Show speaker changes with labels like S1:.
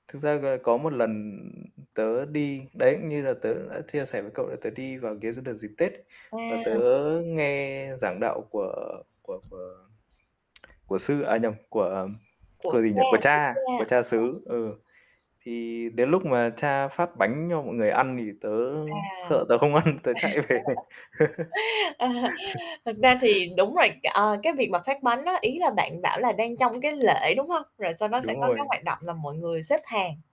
S1: Thực ra, ờ, có một lần tớ đi đấy, cũng như là tớ cũng đã chia sẻ với cậu là tớ đi vào ghế cái đợt dịp Tết và tớ
S2: À.
S1: nghe giảng đạo của của của của Sư, à nhầm, của
S2: Của
S1: của gì nhỉ? Của
S2: Cha, của
S1: Cha, của
S2: Cha.
S1: Cha
S2: [unintelligible]
S1: xứ, ừ, thì đến lúc mà Cha phát bánh cho mọi người ăn thì tớ
S2: À.
S1: sợ tớ không ăn, tớ chạy về.
S2: Thật ra thì đúng rồi, ờ, cái việc mà phát bánh á, ý là bạn bảo là đang trong cái lễ, đúng hông? Rồi sau đó
S1: Đúng
S2: sẽ có
S1: rồi.
S2: cái hoạt động là mọi người xếp hàng.